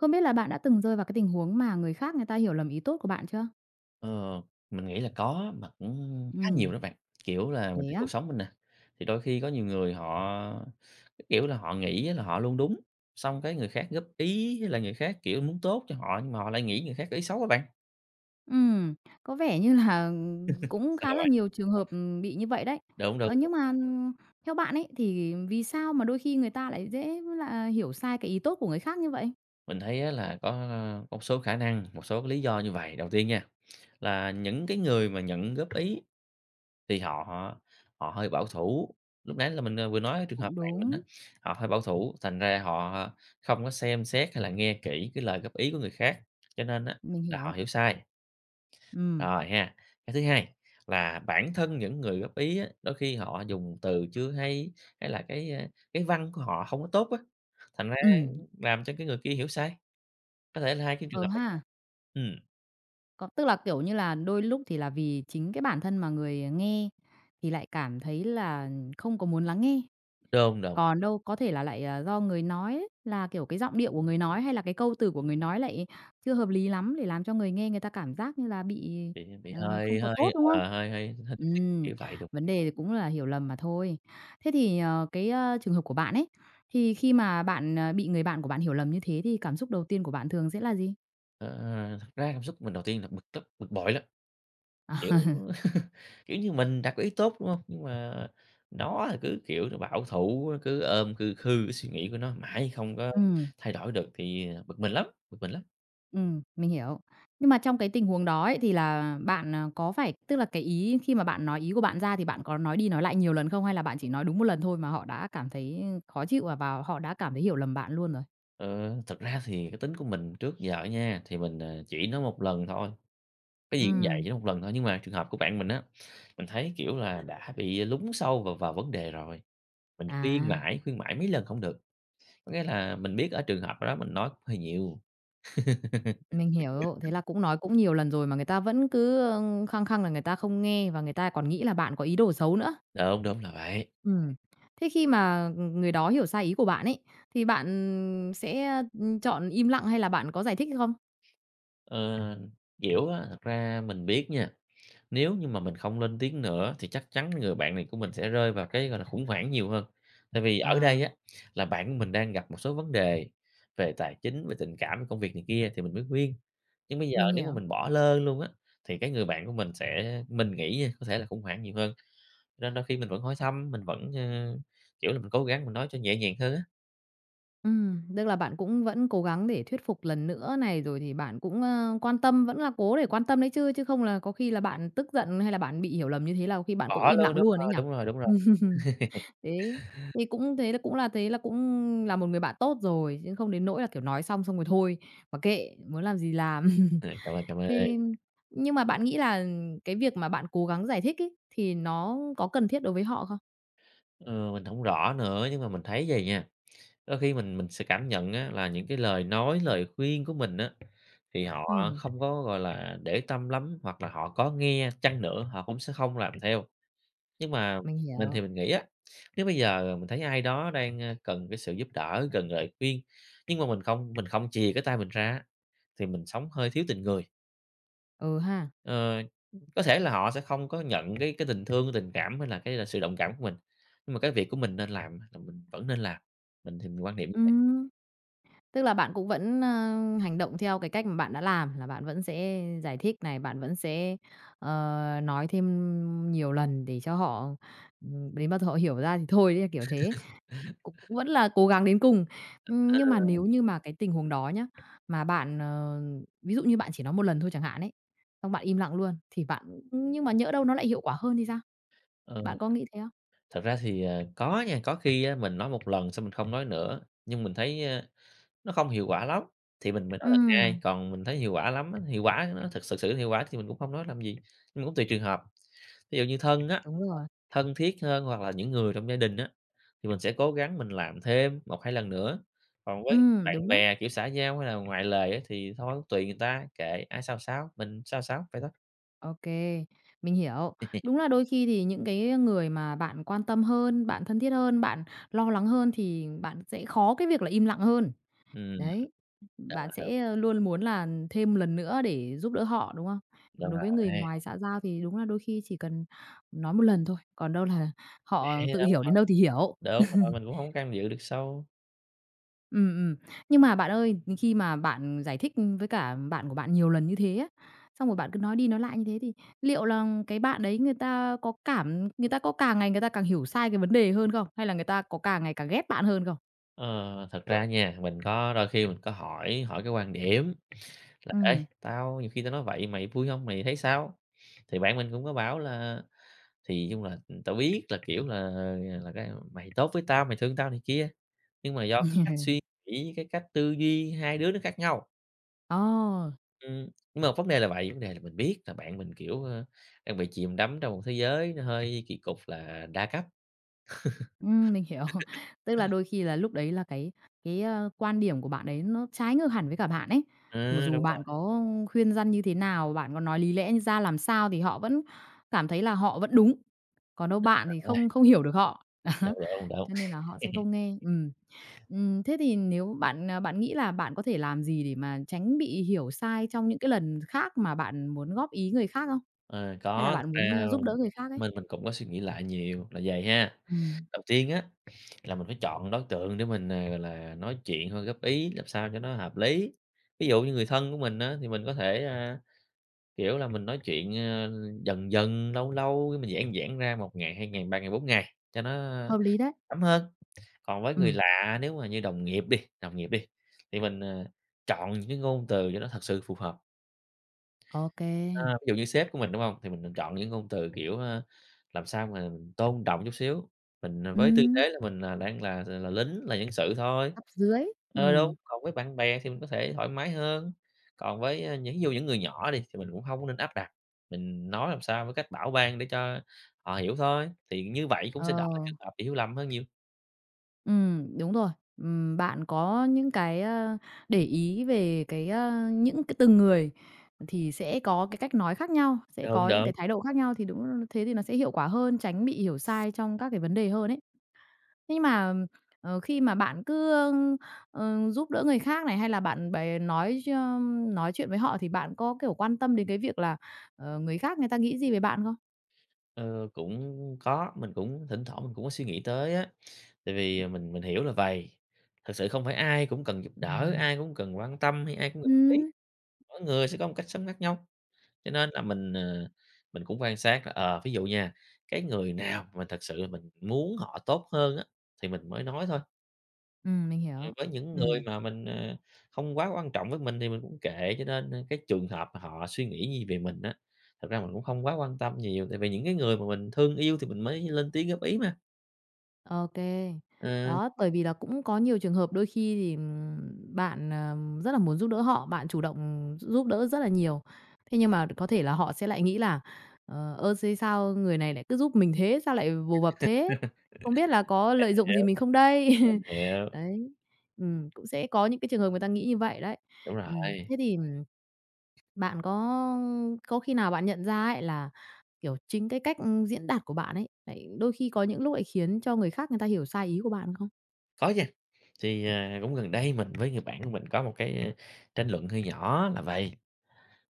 Không biết là bạn đã từng rơi vào cái tình huống mà người khác người ta hiểu lầm ý tốt của bạn chưa? Ờ, mình nghĩ là có, mà cũng khá nhiều Ừm. đó bạn, kiểu là, mình Thế thấy á? cuộc sống mình nè, thì đôi khi có nhiều người họ, cái kiểu là, họ nghĩ là họ luôn đúng, xong cái người khác góp ý với lại người khác, kiểu, muốn tốt cho họ, nhưng mà họ lại nghĩ người khác có ý xấu á bạn. Ừm. Có vẻ như là, ừm, cũng Sao hả khá là bạn? nhiều trường hợp, ừm, bị như vậy đấy. Đúng, đúng, Ờ, đúng! nhưng mà, ừm, theo bạn ấy thì vì sao mà đôi khi người ta lại dễ với lại hiểu sai cái ý tốt của người khác như vậy? Mình thấy á là có, a, một số khả năng, một số cái lý do như vầy. Đầu tiên nha, là những cái người mà nhận góp ý, thì họ họ họ hơi bảo thủ, lúc nãy là mình, à, vừa nói trường hợp Cũng bạn mình á, đúng. họ hơi bảo thủ, thành ra họ không có xem xét hay là nghe kỹ cái lời góp ý của người khác, cho nên á Mình là họ hiểu. hiểu sai. Ừm. Rồi ha, cái thứ hai là bản thân những người góp ý á, đôi khi họ dùng từ chưa hay, hay là cái, a, cái văn của họ hông có tốt á, thành ra, Ừm. ưm, làm cho cái người kia hiểu sai. Có thể là hai cái trường Ờ hợp này. ha! Ừm. Có, tức là, kiểu như là, đôi lúc thì là vì chính cái bản thân mà người, ờ, nghe thì lại cảm thấy là không có muốn lắng nghe. Đúng, đúng. Còn đâu có thể là lại, ờ, do người nói là, kiểu, cái giọng điệu của người nói hay là cái câu từ của người nói lại chưa hợp lý lắm, thì làm cho người nghe người ta cảm giác như là bị, Thì h bị ờ, không hơi có hơi tốt, đúng không? ờ, hơi hơi hơi không thích Ừm, kiểu vậy được. vấn đề thì cũng là hiểu lầm mà thôi. Thế thì, ờ, cái, ờ, trường hợp của bạn ấy thì khi mà bạn, ờ, bị người bạn của bạn hiểu lầm như thế thì cảm xúc đầu tiên của bạn thường sẽ là gì? Ờ. Thật ra cảm xúc của mình đầu tiên là bực tức, bực bội lắm. Kiểu kiểu như mình đã có ý tốt, đúng hông? Nhưng mà nó thì cứ, kiểu, là bảo thủ, cứ ôm khư khư cái suy nghĩ của nó mãi không có Ừm. thay đổi được. Thì, ờ, bực mình lắm, bực mình lắm. Ừm, mình hiểu. Nhưng mà trong cái tình huống đó ấy, thì là bạn, ờ, có phải tức là cái ý khi mà bạn nói ý của bạn ra thì bạn có nói đi, nói lại nhiều lần không hay là bạn chỉ nói đúng một lần thôi mà họ đã cảm thấy, ờ, khó chịu và và họ đã cảm thấy hiểu lầm bạn luôn rồi? Ừ. Thực ra thì cái tính của mình trước giờ đó nha, thì mình, ờ, chỉ nói một lần thôi. Cái gì cũng vậy, Ừm. chỉ một lần thôi. Nhưng mà trường hợp của bạn mình á, mình thấy, kiểu là, đã bị lún sâu vào vào vấn đề rồi. Mình khuyên À! mãi, khuyên mãi mấy lần không được. Có nghĩa là mình biết ở trường hợp đó mình nói cũng hơi nhiều. Mình hiểu. Thế là cũng nói cũng nhiều lần rồi mà người ta vẫn cứ, ờ, khăng khăng là người ta không nghe và người ta còn nghĩ là bạn có ý đồ xấu nữa. Đúng. Đúng là vậy. Ừm. Thế khi mà, ừ, ừ, người đó hiểu sai ý của bạn ấy, thì bạn sẽ, ừm, chọn im lặng hay là bạn có giải thích hay không? Ờ, kiểu á, thật ra mình biết nha, nếu như mà mình không lên tiếng nữa thì chắc chắn người bạn này của mình sẽ rơi vào cái, gọi là, khủng hoảng nhiều hơn. Tại vì ở À. đây á, là bạn của mình đang gặp một số vấn đề về tài chính, về tình cảm, công việc này kia thì mình mới khuyên. Nhưng bây giờ Mình nếu hiểu. mà mình bỏ lơ luôn á, thì cái người bạn của mình sẽ mình nghĩ nha có thể là khủng hoảng nhiều hơn. Nên đôi khi mình vẫn hỏi thăm, mình vẫn, ờ kiểu là, mình cố gắng mình nói cho nhẹ nhàng hơn á. Ừm, tức là bạn cũng vẫn cố gắng để thuyết phục lần nữa này, rồi thì bạn cũng, ơ, quan tâm vẫn là cố để quan tâm đấy chứ, chứ không là có khi là bạn tức giận hay là bạn bị hiểu lầm như thế là có khi bạn cũng Bỏ im luôn, lặng đúng luôn ấy rồi, nhỉ? đúng rồi, đúng rồi! Thế, thì cũng thế cũng là thế là cũng là một người bạn tốt rồi, chứ không đến nỗi là, kiểu, nói xong xong rồi thôi, mặc kệ muốn làm gì làm. Rồi, cảm ơn, cảm ơn! Thế nhưng mà bạn nghĩ là cái việc mà bạn cố gắng giải thích ấy, thì nó có cần thiết đối với họ không? Ờ, mình hổng rõ nữa nhưng mà mình thấy vầy nha, đôi khi mình mình sẽ cảm nhận á, là những cái lời nói, lời khuyên của mình á, thì họ Ừm. không có, gọi là, để tâm lắm, hoặc là họ có nghe chăng nữa, họ cũng sẽ không làm theo. Nhưng mà Mình mình hiểu. thì mình nghĩ á, nếu bây giờ, à, mình thấy ai đó đang, a, cần cái sự giúp đỡ, cần lời khuyên nhưng mà mình không mình không chìa cái tay mình ra á, thì mình sống hơi thiếu tình người. Ừ ha. Ờ, có thể là họ sẽ không có nhận cái cái tình thương, tình cảm hay là cái là sự đồng cảm của mình, nhưng mà cái việc của mình nên làm là mình vẫn nên làm. Mình thì mình quan niệm như vậy. Ừm. Tức là bạn cũng vẫn, a, hành động theo cái cách mà bạn đã làm, là bạn vẫn sẽ giải thích này, bạn vẫn sẽ, ờ, nói thêm nhiều lần để cho họ ừm, đến bao giờ họ hiểu ra thì thôi đấy, kiểu thế, c cũng vẫn là cố gắng đến cùng. Ưm, nhưng mà nếu Ừ. như mà cái tình huống đó nhá, mà bạn, ờ ví dụ như bạn chỉ nói một lần thôi chẳng hạn ấy, xong bạn im lặng luôn thì bạn nhưng mà nhỡ đâu nó lại hiệu quả hơn thì sao? Ừ. Bạn có nghĩ thế không? Thật ra thì, à, có nha, có khi á, mình nói một lần xong mình không nói nữa, nhưng mình thấy nó không hiệu quả lắm, thì mình mình nói lần hai, Ừm. còn mình thấy hiệu quả lắm á, hiệu quả, nó thực sự sự hiệu quả thì mình cũng không nói làm gì. Nhưng mà cũng tùy trường hợp, thí dụ như thân á, Đúng rồi. thân thiết hơn hoặc là những người trong gia đình á, thì mình sẽ cố gắng mình làm thêm 1, 2 lần nữa. Còn với Ừm, bạn đúng đấy. bè, kiểu, xã giao hay là ngoài lề á thì thôi tùy người ta, kệ ai sao sao, mình sao sao, vậy thôi. Ô kê. Mình hiểu. Đúng là đôi khi thì những cái người mà bạn quan tâm hơn, bạn thân thiết hơn, bạn lo lắng hơn thì bạn sẽ khó cái việc là im lặng hơn. Ừm. Đấy, bạn [unintelligible] sẽ luôn muốn là thêm lần nữa để giúp đỡ họ, đúng không? Còn Đúng đối với người rồi. ngoài xã giao thì đúng là đôi khi chỉ cần nói một lần thôi, còn đâu là họ Vậy, tự đâu có hiểu đến đâu thì hiểu. đâu. Đúng rồi, mình cũng hông có can dự được sâu. Ừm, ừm. Nhưng mà bạn ơi, khi mà bạn giải thích với cả bạn của bạn nhiều lần như thế á, xong rồi bạn cứ nói đi nói lại như thế, thì liệu là cái bạn đấy người ta có cảm người ta có càng ngày người ta càng hiểu sai cái vấn đề hơn không? Hay là người ta có càng ngày càng ghét bạn hơn không? Ờ. Thật ra á nha, mình có đôi khi mình có hỏi hỏi cái quan điểm là "Ê, Ừm. tao nhiều khi tao nói vậy mày vui hông, mày thấy sao?" thì bạn mình cũng có bảo là "Thì, chung là, tao biết là, kiểu, là là, thật ra mày tốt với tao, mày thương tao này kia, nhưng mà do cái cách suy nghĩ, cái cách tư duy, hai đứa nó khác nhau." Ồ. Ừm, nhưng mà vấn đề là vậy, vấn đề là mình biết là bạn mình, kiểu, ờ, đang bị chìm đắm trong một thế giới nó hơi kì cục, là đa cấp. Ừm, mình hiểu. Tức là đôi khi là lúc đấy là cái cái quan điểm của bạn đấy, nó trái ngược hẳn với cả bạn ấy. Thì Ừ, đúng dù rồi. bạn có khuyên răn như thế nào, bạn có nói lý lẽ ra làm sao thì họ vẫn cảm thấy là họ vẫn đúng. Còn đâu bạn thì [unintelligible] không không hiểu được họ. Đó. Đúng, đúng, đúng. Cho nên là họ sẽ không nghe. Ừm. Ừm. Thế thì nếu bạn, ờ, bạn nghĩ là bạn có thể làm gì để mà tránh bị hiểu sai trong những cái lần khác mà bạn muốn góp ý người khác không? Ờ, Hay là có, thật bạn muốn ra giúp đỡ người khác ấy? mình mình cũng có suy nghĩ lại nhiều, là vầy ha. Ừm. Đầu tiên á, là mình phải chọn đối tượng để mình, ờ, gọi là nói chuyện thôi góp ý, làm sao cho nó hợp lý. Ví dụ như người thân của mình á, thì mình có thể, a, kiểu là mình nói chuyện, ờ, dần dần, lâu lâu mình giãn giãn ra 1 ngày, 2 ngày, 3 ngày, 4 ngày cho nó, ơ, Hợp lý đấy. thấm hơn. Còn với người Ừm. lạ nếu mà như đồng nghiệp đi đồng nghiệp đi, thì mình, ờ, chọn những cái ngôn từ cho nó thật sự phù hợp. Ô kê. Ờ. Ví dụ như sếp của mình đúng hông, thì mình mình chọn những ngôn từ, kiểu, ờ, làm sao mà tôn trọng chút xíu, mình với tư Ừm. thế là mình là đang là là lính là nhân sự thôi. Cấp dưới. Ờ, đúng. Ừm. Còn với bạn bè thì mình có thể thoải mái hơn, còn với những ví dụ những người nhỏ đi thì mình cũng hông có nên áp đặt, mình nói làm sao với cách bảo ban để cho họ hiểu thôi. Thì như vậy cũng Ờ. sẽ đỡ trường hợp hiểu lầm hơn nhiều. Ừm, đúng rồi. Ừm, bạn có những cái, ơ, để ý về cái ơ, những c từng người thì sẽ có cái cách nói khác nhau, sẽ Đúng, có những đúng. cái thái độ khác nhau. Thì đúng, thế thì nó sẽ hiệu quả hơn, tránh bị hiểu sai trong các cái vấn đề hơn ấy. Nhưng mà, ờ, khi mà bạn cứ, ơ, ờ, giúp đỡ người khác này hay là bạn bè nói ch nói chuyện với họ thì bạn có, kiểu, quan tâm đến cái việc là, ờ, người khác người ta nghĩ gì về bạn không? Ơ, cũng có, mình cũng thỉnh thoảng mình cũng có suy nghĩ tới á, tại vì, à, mình mình hiểu là vầy. Thật sự không phải ai cũng cần giúp đỡ, ai cũng cần quan tâm hay ai cũng cần góp ý, Ừm. mỗi người sẽ có một cách sống khác nhau. Cho nên là mình, ờ, mình cũng quan sát là, ờ, ví dụ nha, cái người nào mà thực sự là mình muốn họ tốt hơn á thì mình mới nói thôi. Ừm, mình Ừ, hiểu, với những người ừm. mà mình, ờ, không quá quan trọng với mình thì mình cũng kệ. Cho nên, a, cái trường hợp mà họ suy nghĩ gì về mình á, thực ra mình cũng không quá quan tâm nhiều tại vì những cái người mà mình thương yêu thì mình mới lên tiếng góp ý mà. Ô kê. Ờ. Đó, bởi vì là cũng có nhiều trường hợp đôi khi thì bạn, ờm, rất là muốn giúp đỡ họ, bạn chủ động gi giúp đỡ rất là nhiều. Thế nhưng mà có thể là họ sẽ lại nghĩ là "Ờ, ơ, xê sao người này lại cứ giúp mình thế? Sao lại vồ À, vập thế? Không biết là có lợi dụng gì hiểu, mình không đây?" mình hiểu. Đấy, ừm, cũng sẽ có những cái trường hợp người ta nghĩ như vậy đấy, Đúng ừm. rồi. Thế thì, ừm, bạn có có khi nào bạn nhận ra ấy là, kiểu, chính cái, ư, cách diễn đạt của bạn ấy lại đôi khi có những lúc lại khiến cho người khác người ta hiểu sai ý của bạn không? Có nha. Thì, ờ, cũng gần đây mình với người bạn của mình có một cái, ơ, tranh luận hơi nhỏ là vầy,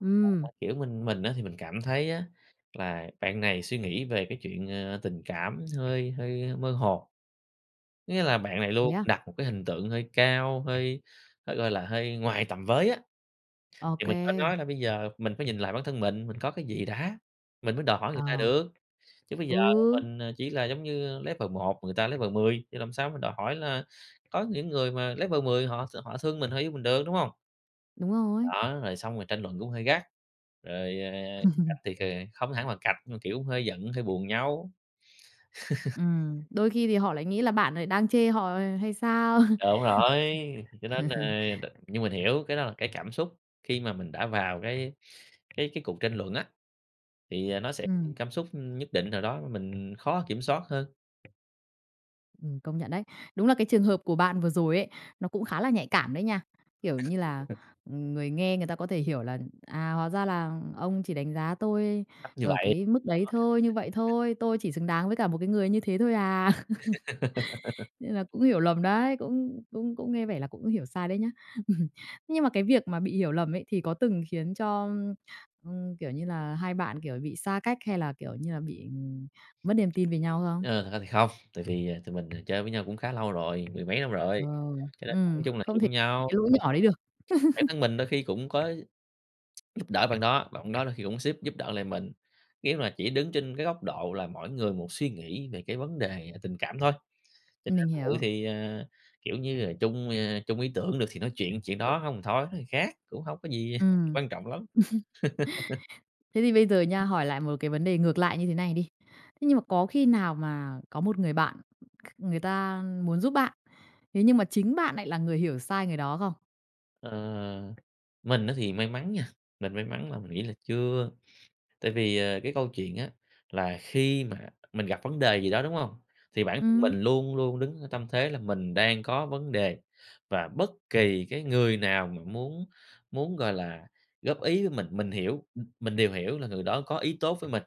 Ừm. [unintelligible] kiểu, mình mình á thì mình cảm thấy á là bạn này suy nghĩ về cái chuyện, ờ, tình cảm hơi hơi mơ hồ. Có nghĩa là bạn này Thế luôn á? đặt một cái hình tượng hơi cao, hơi hơi, gọi là, hơi ngoài tầm với á. Ô Thì mình có kê. nói là bây giờ mình phải nhìn lại bản thân mình, mình có cái gì đã, mình mới đòi hỏi người ta Ờ. được. Chứ bây giờ Ừ. mình, ờ, chỉ là giống như, ờ, level 1, người ta level 10, thì làm sao mình đòi hỏi là có những người mà level 10 họ s họ thương mình, họ yêu mình được, đúng hông? Đúng rồi. Đó, rồi xong rồi tranh luận cũng hơi gắt. Rồi, ờ, cạch thì, cờ, không hẳn là cạch. Nhưng mà kiểu hơi giận, hơi buồn nhau. Ừm. Đôi khi thì họ lại nghĩ là bạn lại đang chê họ, ờ, hay sao. Đúng rồi. Cho nên là, ờ, đ nhưng mình hiểu cái đó là cái cảm xúc khi mà mình đã vào cái cái cái cuộc tranh luận á. Thì, ờ, nó sẽ có những Ừm. cảm xúc nhất định nào đó mình khó kiểm soát hơn. Ừm, công nhận đấy. Đúng là cái trường hợp của bạn vừa rồi ấy, nó cũng khá là nhạy cảm đấy nha. Kiểu như là, ừm, người nghe người ta có thể hiểu là "À, hóa ra là ông chỉ đánh giá tôi Chắc như ở vậy. cái mức đấy thôi, như vậy thôi. Tôi chỉ xứng đáng với cả một cái người như thế thôi à?" Nên là cũng hiểu lầm đấy. Cũng cũng cũng nghe vẻ là cũng có hiểu sai đấy nhé. Nhưng mà cái việc mà bị hiểu lầm ấy thì có từng khiến cho, ưm, ừm, kiểu như là, hai bạn, kiểu, bị xa cách, hay là, kiểu như là, bị, ừm, mất niềm tin về nhau không? Ờ, thật ra thì không. Tại vì, ờ, tụi mình, ờ, chơi với nhau cũng khá lâu rồi, mười mấy năm Ờ. rồi, cho nên nói Ừm. chung là Không thể hiểu nhau. cái lỗi [unintelligible] nhỏ đấy được. Bản thân mình đôi khi cũng có giúp đỡ bạn đó. Bạn đó đôi khi cũng xếp giúp đỡ lại mình. Nếu mà chỉ đứng trên cái góc độ là mỗi người một suy nghĩ về cái vấn đề là tình cảm thôi, cho nên Mình cự hiểu. thì, ờ kiểu như là, chung, ơ, chung ý tưởng được thì nói chuyện, chuyện đó hông thì thôi, nói thằng khác. Cũng hông có gì Ừm. quan trọng lắm. Thế thì bây giờ nha, hỏi lại một cái vấn đề ngược lại như thế này đi. Thế nhưng mà có khi nào mà có một người bạn, kh người ta muốn giúp bạn, thế nhưng mà chính bạn lại là người hiểu sai người đó không? Ờ, mình á thì may mắn nha, mình may mắn là mình nghĩ là chưa, tại vì, ờ, cái câu chuyện á, là khi mà mình gặp vấn đề gì đó, đúng hông? Thì bản thân Ừm! mình luôn luôn đứng ở tâm thế là mình đang có vấn đề, và bất kỳ cái người nào mà muốn muốn, gọi là, góp ý với mình, mình hiểu, m mình đều hiểu là người đó có ý tốt với mình.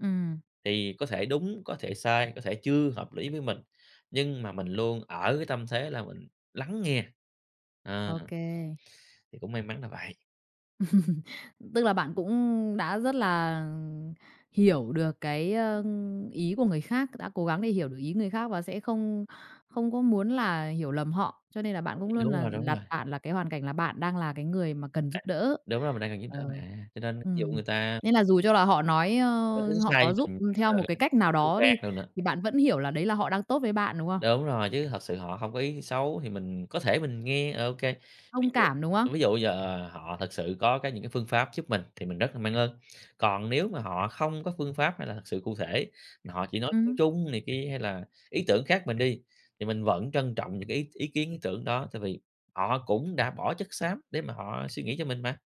Ừm. Thì có thể đúng, có thể sai, có thể chưa hợp lý với mình. Nhưng mà mình luôn ở cái tâm thế là mình lắng nghe, ờ, Ô kê. thì cũng may mắn là vậy. Tức là bạn cũng đã rất là, ừm, hiểu được cái, a, ý của người khác, đã cố gắng để hiểu được ý người khác và sẽ không không có muốn là hiểu lầm họ. Cho nên là bạn cũng luôn Đúng là rồi, đúng đặt rồi! bạn là cái hoàn cảnh là bạn đang là cái người mà cần giúp đỡ. Đúng rồi, mình đang cần giúp Ờ, đỡ mà, cho nên ví dụ ừm. người ta Nên là dù cho là họ nói, có tính ơ, họ sai có giúp với theo một cái cách nào đó đi, mình [unintelligible] thì bạn vẫn hiểu là đấy là họ đang tốt với bạn, đúng không? Đúng rồi, chứ thật sự họ hông có ý xấu, thì mình có thể mình nghe, ờ, OK. Ví Thông dụ cảm, đúng không? ví dụ giờ họ thật sự có cái những cái phương pháp giúp mình thì mình rất là mang ơn. Còn nếu mà họ không có phương pháp hay là thực sự cụ thể, mà họ chỉ nói chung Ừm. chung này kia, hay là ý tưởng khác mình đi, thì mình vẫn trân trọng những cái ý ý kiến, ý tưởng đó, tại vì họ cũng đã bỏ chất xám để mà họ suy nghĩ cho mình mà.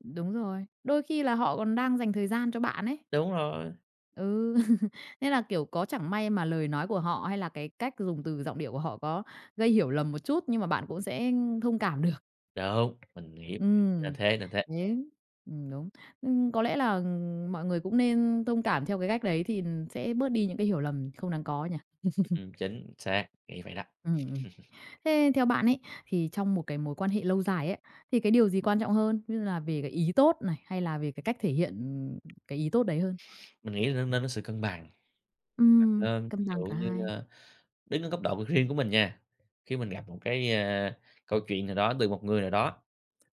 Đúng rồi. Đôi khi là họ còn đang dành thời gian cho bạn ấy. Đúng rồi. Ừ. Nên là, kiểu, có chẳng may mà lời nói của họ, hay là cái cách dùng từ giọng điệu của họ có gây hiểu lầm một chút, nhưng mà bạn cũng sẽ, ưm, thông cảm được. Đúng. Mình nghĩ [unintelligible] nên Ừm. thế, nên thế. Đấy. Ừm, đúng. Ừm, có lẽ là, ừm, mọi người cũng nên thông cảm theo cái cách đấy thì sẽ bớt đi những cái hiểu lầm không đáng có nhỉ? Ừm, ừm, chính xác. Nghĩ vậy đó. Ừm, ừm. Thế theo bạn ấy, thì trong một cái mối quan hệ lâu dài á, thì cái điều gì quan trọng hơn? Như là về cái ý tốt này, hay là về cái cách thể hiện, ừm, cái ý tốt đấy hơn? Mình nghĩ là nên nên có sự cân bằng và Ừm, nên cân ví bằng dụ cả như, hai. ơ, đứng ở góc độ riêng của mình nha, khi mình gặp một cái, a, câu chuyện nào đó từ một người nào đó,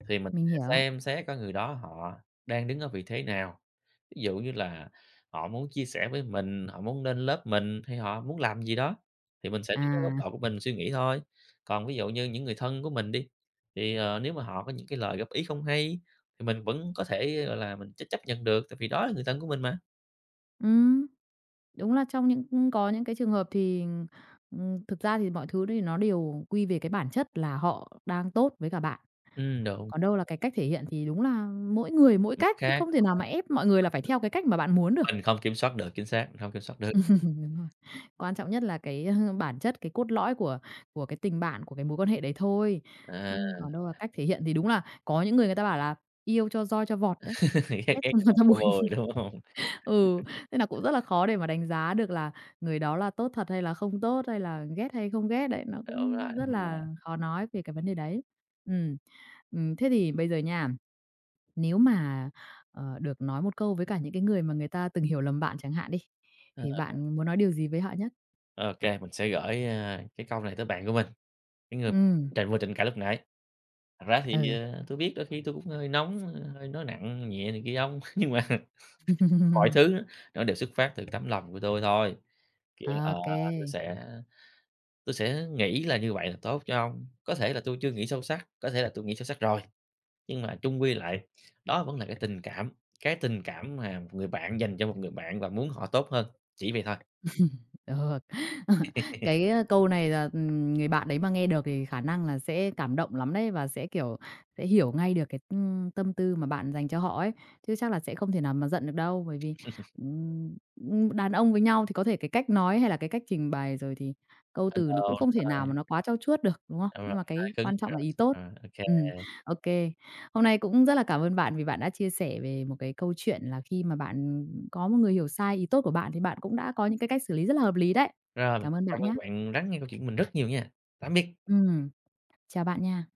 thì mình Mình sẽ hiểu. xem xét cái người đó họ đang đứng ở vị thế nào? Ví dụ như là họ muốn chia sẻ với mình, họ muốn lên lớp mình, hay họ muốn làm gì đó, thì mình sẽ đứng ở góc À. độ của mình suy nghĩ thôi. Còn ví dụ như những người thân của mình đi, thì, ờ, nếu mà họ có những cái lời góp ý không hay, thì mình vẫn có thể, ơ, gọi là, mình ch chấp nhận được, tại vì đó là người thân của mình mà. Ừm, đúng là trong những ừm, có những cái trường hợp thì, ừm, ừm, thực ra thì mọi thứ thì nó đều quy về cái bản chất là họ đang tốt với cả bạn. Ừm, đúng. Còn đâu là cái cách thể hiện thì đúng là mỗi người mỗi Mặt cách thì khác không thể nào mà ép mọi người là phải theo cái cách mà bạn muốn [unintelligible] được. mình không kiểm soát được, chính xác, mình không kiểm soát được. Đúng rồi, quan trọng nhất là cái, à, bản chất, cái cốt lõi của của cái tình bạn, của cái mối quan hệ đấy thôi, À. ưm, còn đâu là cách thể hiện thì đúng là có những người, người ta bảo là "Yêu cho roi cho vọt đấy, Ghét ghét ghét cho cho ngọt ngọt cho cho bùi." bùi, đúng hông? Ừ, thế nà cũng rất là khó để mà đánh giá được là người đó là tốt thật hay là không tốt hay là ghét hay không ghét đấy, nó Đúng cũng rồi rất là nha. khó nói về cái vấn đề đấy. Ừm, ừm thế thì bây giờ nha, nếu mà, ờ, được nói một câu với cả những cái người mà người ta từng hiểu lầm bạn chẳng hạn đi, Ờ. thì bạn muốn nói điều gì với họ nhất? Ô kê, mình sẽ gửi, ờ, cái câu này tới bạn của mình, cái người Ừm. tranh vừa tranh cãi lúc nãy: "Thật ra thì, Ừ. ờ, tui biết đôi khi tui cũng hơi nóng, hơi nói nặng nhẹ này kia ông, nhưng mà mọi thứ nó đều xuất phát từ tấm lòng của tui thôi. Kiểu, Ô ờ, tui kê. sẽ tui sẽ nghĩ là như vậy là tốt cho ông, có thể là tui chưa nghĩ sâu sắc, có thể là tui nghĩ sâu sắc rồi nhưng mà chung quy lại đó vẫn là cái tình cảm, cái tình cảm mà người bạn dành cho một người bạn và muốn họ tốt hơn, chỉ vậy thôi." Ờ, cái, ơ, câu này là, ừm, người bạn đấy mà nghe được thì khả năng là sẽ cảm động lắm đấy, và sẽ, kiểu, sẽ hiểu ngay được cái, ừm, tâm tư mà bạn dành cho họ ấy chứ chắc là sẽ không thể nào mà giận được đâu. Bởi vì, ừm, ừm, đàn ông với nhau thì có thể cái cách nói hay là cái cách trình bày rồi thì câu Ờ, từ nó cũng đúng không thể nào rồi. mà nó quá trau chuốt được, đúng không? Đúng rồi, Nhưng mà hơi cái cứng. quan trọng là ý tốt. Rồi, [unintelligible] ô kê. Ừm, ô kê. Hôm nay cũng rất là cảm ơn bạn vì bạn đã chia sẻ về một cái câu chuyện là khi mà bạn, ừm, có một người hiểu sai ý tốt của bạn thì bạn cũng đã có những cái cách xử lý rất là hợp lý đấy. Rồi, Cảm ơn cảm bạn nhá. ơn bạn lắng nghe câu chuyện của mình rất nhiều nha. Tạm biệt. Ừm, chào bạn nha.